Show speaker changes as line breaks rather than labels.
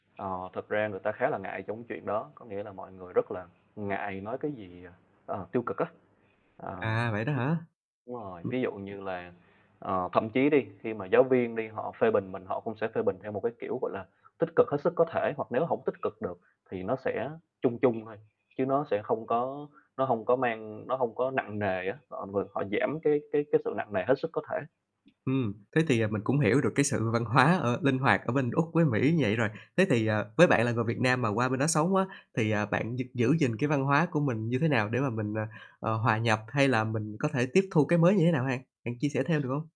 Ờ, thực ra người ta khá là ngại trong cái chuyện đó, có nghĩa là mọi người rất là ngại nói cái gì, ờ, ờ, tiêu cực á. Ờ,
À, vậy đó
như
hả?
đúng rồi,
[unintelligible]
ví dụ như là, ờ, thậm chí đi khi mà giáo viên đi, họ phê bình mình, họ cũng sẽ phê bình theo một cái kiểu, gọi là, tích cực hết sức có thể, hoặc nếu hổng tích cực được thì nó sẽ chung chung thôi, chứ nó sẽ không có nó hông có mang nó hông có nặng nề á, họ vừa họ giảm cái cái cái sự nặng nề hết sức có thể.
Ừm, thế thì, à, mình cũng hiểu được cái sự văn hóa, ơ, linh hoạt ở bên Úc với Mỹ vậy rồi. Thế thì, ờ, với bạn là người Việt Nam mà qua bên đó sống á, thì, ờ, bạn gi giữ gìn cái văn hóa của mình như thế nào để mà mình, ờ, à, hòa nhập hay là mình có thể tiếp thu cái mới như thế nào ha? Bạn chia sẻ thêm được hông?